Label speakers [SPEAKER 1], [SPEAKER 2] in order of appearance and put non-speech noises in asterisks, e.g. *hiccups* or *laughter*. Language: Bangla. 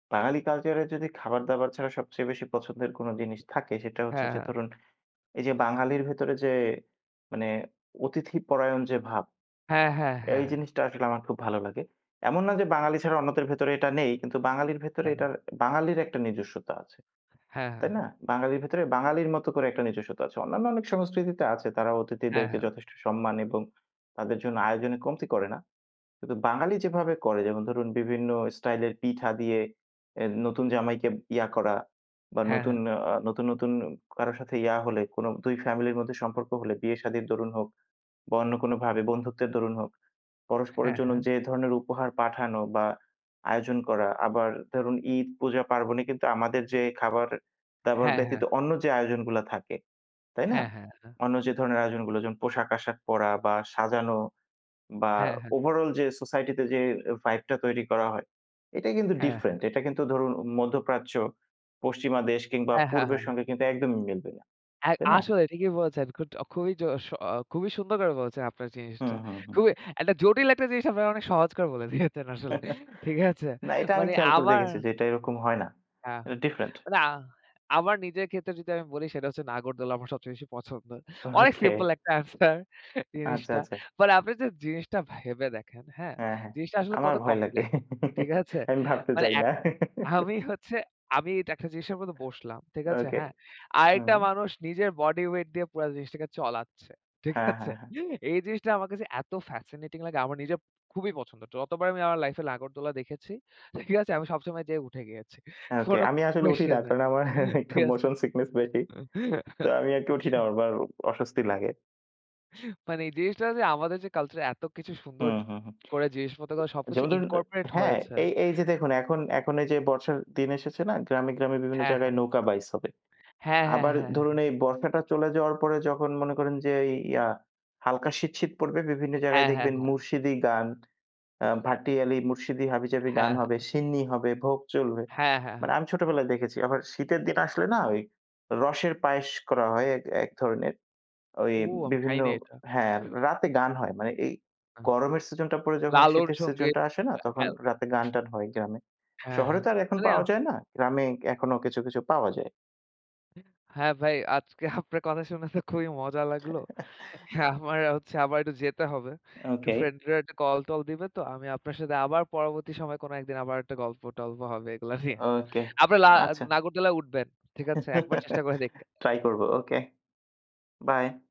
[SPEAKER 1] বাঙালি কালচারে যদি খাবার-দাবার ছাড়া সবচেয়ে বেশি পছন্দের কোনো জিনিস থাকে সেটা হচ্ছে
[SPEAKER 2] হ্যাঁ,
[SPEAKER 1] যে
[SPEAKER 2] হ্যাঁ।
[SPEAKER 1] ধরুন এই যে বাঙালির ভেতরে যে মানে অতিথিপরায়ণ যে ভাব
[SPEAKER 2] হ্যাঁ, হ্যাঁ,
[SPEAKER 1] এই
[SPEAKER 2] হ্যাঁ।
[SPEAKER 1] জিনিসটা আসলে আমার খুব ভালো লাগে। এমন না যে বাঙালি ছাড়া অন্যদের ভেতরে এটা নেই কিন্তু বাঙালির ভেতরে
[SPEAKER 2] হ্যাঁ।
[SPEAKER 1] এটার বাঙালির একটা নিজস্বতা আছে।
[SPEAKER 2] হ্যাঁ,
[SPEAKER 1] তাই
[SPEAKER 2] হ্যাঁ।
[SPEAKER 1] না? বাঙালির ভেতরে বাঙালির মতো করে একটা নিজস্বতা আছে। অন্যান্য অনেক সংস্কৃতিতে আছে তারা
[SPEAKER 2] হ্যাঁ,
[SPEAKER 1] অতিথিদেরকে
[SPEAKER 2] হ্যাঁ।
[SPEAKER 1] যথেষ্ট সম্মান এবং তাদের জন্য আয়োজনে কমতি করে না। কিন্তু বাঙালি যেভাবে করে যেমন ধরুন বিভিন্ন স্টাইলের পিঠা দিয়ে এ নতুন জামাইকে ইয়া করা বা
[SPEAKER 2] হ্যাঁ,
[SPEAKER 1] নতুন
[SPEAKER 2] হ্যাঁ।
[SPEAKER 1] আ নতুন, নতুন কারো সাথে ইয়া হলে কোনো দুই ফ্যামিলির মধ্যে সম্পর্ক হলে বিয়ে শাদির দরুণ হোক বা অন্য কোনোভাবে বন্ধুত্বের দরুণ হোক, পরস্পরের
[SPEAKER 2] হ্যাঁ,
[SPEAKER 1] জন্য
[SPEAKER 2] হ্যাঁ।
[SPEAKER 1] যে ধরনের উপহার পাঠানো বা আয়োজন করা আবার ধরুন ঈদ পূজা পার্বণে কিন্তু আমাদের যে খাবার-দাবার
[SPEAKER 2] হ্যাঁ, হ্যাঁ।
[SPEAKER 1] ব্যতীত অন্য যে আয়োজনগুলা থাকে, তাই না?
[SPEAKER 2] হ্যাঁ, হ্যাঁ, হ্যাঁ।
[SPEAKER 1] অন্য যে ধরনের আয়োজনগুলো যেমন পোশাক-আশাক পরা বা সাজানো বা
[SPEAKER 2] হ্যাঁ, হ্যাঁ।
[SPEAKER 1] ওভারঅল যে সোসাইটিতে যে ভাইবটা তৈরি করা হয় এটাই কিন্তু
[SPEAKER 2] হ্যাঁ,
[SPEAKER 1] ডিফারেন্ট,
[SPEAKER 2] হ্যাঁ।
[SPEAKER 1] এটা কিন্তু ধরুন মধ্যপ্রাচ্য, পশ্চিমা দেশ কিংবা
[SPEAKER 2] হ্যাঁ, হ্যাঁ,
[SPEAKER 1] পূর্বের
[SPEAKER 2] হ্যাঁ।
[SPEAKER 1] সঙ্গে কিন্তু একদমই মিলবে না
[SPEAKER 2] অ্যাই
[SPEAKER 1] তাই না?
[SPEAKER 2] আসলে ঠিকই বলেছেন। খুড খুবই জোস অ খুবই সুন্দর করে বলছেন আপনার জিনিসটা।
[SPEAKER 1] হুম, হুম, হুম।
[SPEAKER 2] খুবই একটা জটিল একটা জিনিস আপনারা অনেক সহজ করে বলে দিয়েছেন আসলে ঠিক
[SPEAKER 1] *chuckles*
[SPEAKER 2] আছে?
[SPEAKER 1] না এটা আমি
[SPEAKER 2] মানে
[SPEAKER 1] খেয়াল করে
[SPEAKER 2] আমার
[SPEAKER 1] দেখেছি যে এটা এরকম হয় না
[SPEAKER 2] হ্যাঁ,
[SPEAKER 1] এটা ডিফারেন্ট।
[SPEAKER 2] মানে আ আমার নিজের ক্ষেত্রে যদি আমি বলি সেটা হচ্ছে নাগরদোলা আমার সবচেয়ে বেশি পছন্দ। অনেক
[SPEAKER 1] ওকে।
[SPEAKER 2] সিম্পল একটা আনসার
[SPEAKER 1] আচ্ছা,
[SPEAKER 2] জিনিসটা।
[SPEAKER 1] আচ্ছা।
[SPEAKER 2] মানে আপনি যে জিনিসটা ভেবে দেখেন, হ্যাঁ
[SPEAKER 1] হ্যাঁ, হ্যাঁ
[SPEAKER 2] জিনিসটা আসলে
[SPEAKER 1] আমার
[SPEAKER 2] কত
[SPEAKER 1] ভয় লাগে
[SPEAKER 2] কমপ্লেক্স, ঠিক
[SPEAKER 1] *chuckles*
[SPEAKER 2] আছে?
[SPEAKER 1] আমি ভাবতে
[SPEAKER 2] মানে
[SPEAKER 1] চাই না।
[SPEAKER 2] এক
[SPEAKER 1] *chuckles*
[SPEAKER 2] আমি হচ্ছে আমি এটা একটা জিনিস বসলাম ঠিক আছে?
[SPEAKER 1] ওকে।
[SPEAKER 2] হ্যাঁ
[SPEAKER 1] হুম।
[SPEAKER 2] আরেকটা মানুষ নিজের বডি ওয়েট দিয়ে পুরা জিনিসটাকে চলাচ্ছে ঠিক
[SPEAKER 1] হ্যাঁ,
[SPEAKER 2] আছে?
[SPEAKER 1] হ্যাঁ, হ্যাঁ।
[SPEAKER 2] এই জিনিসটা আমার কাছে এত ফ্যাসিনেটিং লাগে আমার নিজের খুবই পছন্দ। যতবার আমি আমার লাইফে নাগড়দোলা দেখেছি, ঠিক আছে? আমি সবসময় যেয়ে উঠে গিয়েছি।
[SPEAKER 1] ওকে
[SPEAKER 2] কোনো
[SPEAKER 1] আমি আসলে উঠি না
[SPEAKER 2] কুয়েসশন নেই
[SPEAKER 1] কারণ আমার একটু
[SPEAKER 2] ঠিক আছে।
[SPEAKER 1] মোশন সিকনেস বেশি তো আমি আরকে উঠি না আমার
[SPEAKER 2] *chuckles*
[SPEAKER 1] বা অস্বস্তি লাগে।
[SPEAKER 2] মানে এই জিনিসটা যে আমাদের যে কালচার এতকিছু সুন্দর
[SPEAKER 1] হুম, হুম, হুম।
[SPEAKER 2] করে জিনিস মত সবকিছু
[SPEAKER 1] যেমন ধরুন
[SPEAKER 2] ইনকর্পোরেট
[SPEAKER 1] হ্যাঁ
[SPEAKER 2] হয়েছে।
[SPEAKER 1] এই এইযে দেখুন এখন এখন এই যে বর্ষার দিন এসেছে না গ্রামে, গ্রামে বিভিন্ন
[SPEAKER 2] হ্যাঁ,
[SPEAKER 1] জায়গায়
[SPEAKER 2] হ্যাঁ।
[SPEAKER 1] নৌকা বাইস হবে।
[SPEAKER 2] হ্যাঁ, হ্যাঁ,
[SPEAKER 1] আবার
[SPEAKER 2] হ্যাঁ,
[SPEAKER 1] ধরুন এই
[SPEAKER 2] হ্যাঁ।
[SPEAKER 1] বর্ষাটা চলে যাওয়ার পরে যখন মনে করেন যে ইয়া হালকা শীত, শীত পড়বে বিভিন্ন জায়গায়
[SPEAKER 2] হ্যাঁ, হ্যাঁ,
[SPEAKER 1] দেখবেন
[SPEAKER 2] হ্যাঁ।
[SPEAKER 1] মুরশিদি গান, আ ভাটিয়ালি, মুরশিদি হাবিজাবি গান
[SPEAKER 2] হ্যাঁ,
[SPEAKER 1] হবে,
[SPEAKER 2] হ্যাঁ।
[SPEAKER 1] সিন্নি হবে, ভোগ চলবে।
[SPEAKER 2] হ্যাঁ, হ্যাঁ,
[SPEAKER 1] মানে
[SPEAKER 2] হ্যাঁ।
[SPEAKER 1] আমি ছোটবেলায় দেখেছি। আবার শীতের দিন আসলে না ওই রসের পায়েস করা হয় এক এক ধরনের। ওই
[SPEAKER 2] ও আমি খাই
[SPEAKER 1] বিভিন্ন
[SPEAKER 2] নাই এটা।
[SPEAKER 1] হ্যাঁ
[SPEAKER 2] *hiccups*
[SPEAKER 1] রাতে গান হয়। মানে এই
[SPEAKER 2] না
[SPEAKER 1] গরমের সিজনটা পড়ে যখন
[SPEAKER 2] লালন
[SPEAKER 1] শীতের
[SPEAKER 2] সঙ্গীত
[SPEAKER 1] সিজনটা আসে না তখন রাতে
[SPEAKER 2] *unintelligible*
[SPEAKER 1] গান-টান হয় গ্রামে।
[SPEAKER 2] হ্যাঁ,
[SPEAKER 1] শহরে
[SPEAKER 2] হ্যাঁ,
[SPEAKER 1] তো আর এখন
[SPEAKER 2] মানে
[SPEAKER 1] পাওয়া যায় না, গ্রামে এখনো কিছু, কিছু পাওয়া যায়।
[SPEAKER 2] হ্যাঁ ভাই আজকে আপনার কথা শুনে তো খুবই মজা লাগলো।
[SPEAKER 1] *chuckles*
[SPEAKER 2] আমার হচ্ছে আবার একটু যেতে হবে একটু
[SPEAKER 1] ওকে।
[SPEAKER 2] ফ্রেন্ড-ট্রেন্ডরা কল-টল দিবে তো। আমি আপনার সাথে আবার পরবর্তী সময়ে কোনো একদিন আবার একটা গল্প-টল্প হবে এগুলা নিয়ে।
[SPEAKER 1] ওকে
[SPEAKER 2] আপনে লা
[SPEAKER 1] আচ্ছা।
[SPEAKER 2] নাগরতালায় উঠবেন ঠিক আছে? একবার চেষ্টা করে
[SPEAKER 1] *chuckles*
[SPEAKER 2] দেখবেন।
[SPEAKER 1] ট্রাই করবো
[SPEAKER 2] *unintelligible*
[SPEAKER 1] ওকে বাই।